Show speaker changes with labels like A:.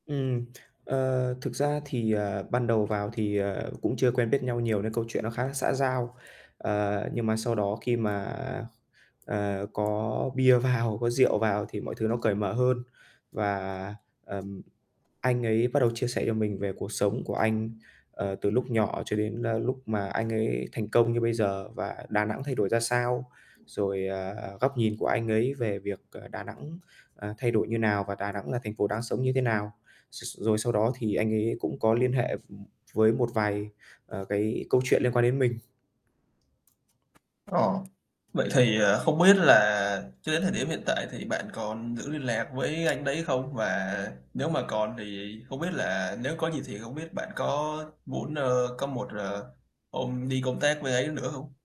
A: Ừm, ờ, thực ra thì, ờ, ban đầu vào thì, ờ, cũng chưa quen biết nhau nhiều nên câu chuyện nó khá là xã giao, ờ, nhưng mà sau đó khi mà, ờ, có bia vào, có rượu vào thì mọi thứ nó cởi mở hơn và, ừm, anh ấy bắt đầu chia sẻ cho mình về cuộc sống của anh, ờ, từ lúc nhỏ cho đến, a, lúc mà anh ấy thành công như bây giờ và Đà Nẵng thay đổi ra sao, rồi, ờ, góc nhìn của anh ấy về việc, ờ, Đà Nẵng, à, thay đổi như nào và Đà Nẵng là thành phố đang sống như thế nào. [unintelligible] Rồi sau đó thì anh ấy cũng có liên hệ, ừm, với một vài, ờ, cái câu chuyện liên quan đến mình.
B: Ờ, vậy thì, ờ, không biết là cho đến thời điểm hiện tại thì bạn còn giữ liên lạc với anh đấy không? Và nếu mà còn thì không biết là nếu có gì thì không biết bạn có muốn, ơ, có một, ờ, hôm đi công tác bên ấy nữa hông?